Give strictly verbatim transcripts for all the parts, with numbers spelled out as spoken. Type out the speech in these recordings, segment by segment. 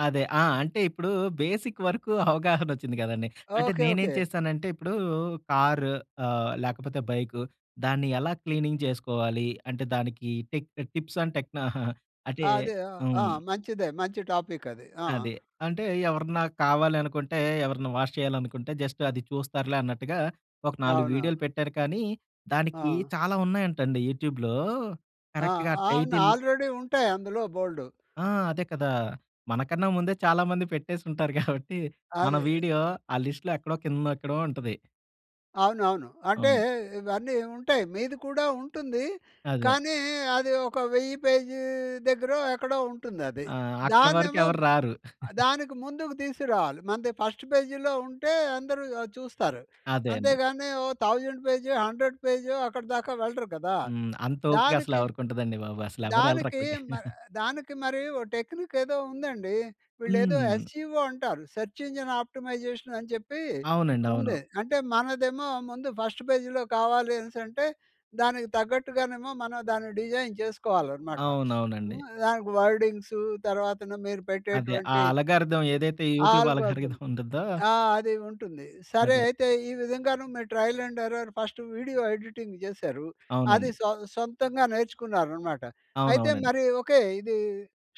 అదే. ఆ! అంటే, ఇప్పుడూ బేసిక్ వరుకూ అవగాహనొచ్చింది గదండి. అంటే, ఓకే. నేనేం ఓకే. చేస్తానంటే ఇప్పుడూ కార్ ఆహ్, లేకపోతే బైకు, దాన్ని ఎలా క్లీనింగ్ చేసుకోవాలీ, అంటే, దానికీ టిప్ టిప్సండ్ టెక్నా ఆహాహా! అంటే ఆ! అదే. ఆ! ఆ! హ్మ్. మంచిదే. మంచి టాపిక్కది. ఆ! అదే. అంటే, ఎవరన్నా కావాలి అనుకుంటే, ఎవరైనా వాష్ చెయ్యాలనుకుంటే, జస్ట్ అది చూస్తారులే అన్నట్టుగా ఒక నాలుగు అవునవును. వీడియోలు పెట్టారు, కానీ దానికీ ఆ! చాలా ఉన్నాయంటండి యూట్యూబ్‌లో ఆ! కరక్ట్‌గా అవును. టైటిల్ ఆల్రెడీ ఉంటాయి అందులో బోలుడు. ఆ! అదే కదా! మనకన్నా ముందే చాలా మంది పెట్టేసుంటారు గాబట్టి, మన అదే. వీడియో ఆ లిస్ట్‌లో ఎక్కడో కిందెక్కడో ఉంటది. అవునవును. అంటే, అవును. ఇవన్నీ ఉంటాయి. మీది కూడా ఉంటుందీ, అదే. కానీ అదీ ఒక వెయ్యి పేజీ దగ్గరో ఎక్కడో ఉంటుందది. ఆ! అక్కడ వరకు దాన్నేమో ఎవర్రారు. ఆహ్, దానికి ముందుకు తీసుకురావాలి. మనది ఫస్ట్ పేజీ‌లో ఉంటే, అందరూ ఆహ్, చూస్తారు. అదే అంతే అండి. గానీ, ఓ థౌసండ్ పేజో, హండ్రెడ్ పేజో, అక్కడ దాకా వెళ్ళరు కదా! హ్మ్. అంతోపిక దానికి, అసలెవరకుంటదండి బాబు. దానికీ అసలెవరెళ్లరక్కడికి. మర్ దానికి మరీ ఓ టెక్నిక్కేదో ఉందండి. వీళ్ళేదో హ్మ్. యస్‌ఈవో అంటారు, సెర్చ్ ఇంజన్ ఆప్టిమైజేషన్ అని చెప్పీ అవునండి. అవును. ఉందే. అంటే, మనదేమో ముందు ఫస్ట్ పేజీ‌లో కావాలి అనేసంటే, దానికి తగ్గట్టుగానేమో మనం దాన్ని డిజైన్ చేసుకోవాలనమాట. అవునవునండి. హ్మ్. దానికి వర్డింగ్స్ తర్వాతన మీరు అదే. ఆ పెట్టేటువంటి అలగారిథమ్, ఏదైతే యూట్యూబ్ ఆల్గరిథమ్. అలగారిథమ్ ఉంటుందో ఆ! అది ఉంటుంది. సరే అదే. అయితే, ఈ విధంగాను మీ ట్రయలండెర్రర్ ఫస్ట్ వీడియో ఎడిటింగ్ జేసారు. అది అవునండి. సొ సొంతంగా నేర్చుకున్నారనమాట. అయితే అవునవునండి. మరి ఓకే, ఇదీ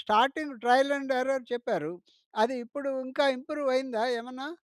స్టార్టింగ్ ట్రయలండెర్రర్ చెప్పారు. అది ఇప్పుడు ఇంకా ఇంప్రూవయిందా ఏమన్నా?